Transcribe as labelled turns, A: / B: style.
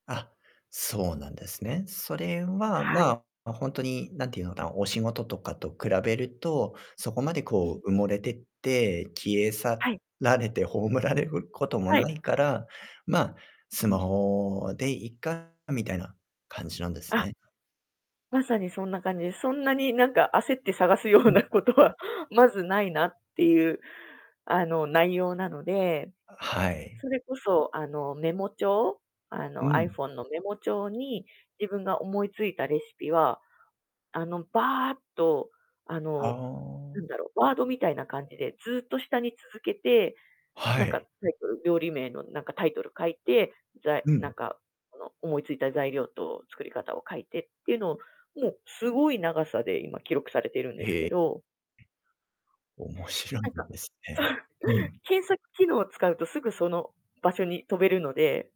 A: あ、そうなんですね。それは
B: はい。
A: まあ、本当に何ていうのかな、お仕事とかと比べると、そこまで
B: うん。
A: こう、埋もれてって消え去
B: はい。
A: られて葬られることも
B: はい。
A: ないから、まあ、ス
B: う
A: マ
B: ん。
A: ホでいいか。みたいな感じなんです
B: あ。
A: ね。
B: まさにそんな感じです。そんなに、なんか、焦って探すよ
A: う
B: う
A: ん。
B: なことはまずないなっていう、あの、内容なので、
A: はい。
B: それこそあの、メモ帳。あ
A: う
B: の、アイ
A: ん。
B: フォンのメモ帳に自分が思いついたレシピは、あの、ばーっと、あ
A: あ
B: の、
A: あ。
B: なんだろう、ワードみたいな感じでずっと下に続けて、
A: は
B: なんか、タ
A: い。
B: イトル料理名のなんかタイトルを書いて、ざい
A: う
B: な
A: ん。
B: んかこの、思いついた材料と作り方を書いてっていうのを、もう、すごい長さで今記録されているんです
A: え
B: け
A: え。
B: ど。
A: 面白
B: な
A: い
B: んか
A: ですね。う ん。
B: 検索機能を使うとすぐその場所に飛べるので。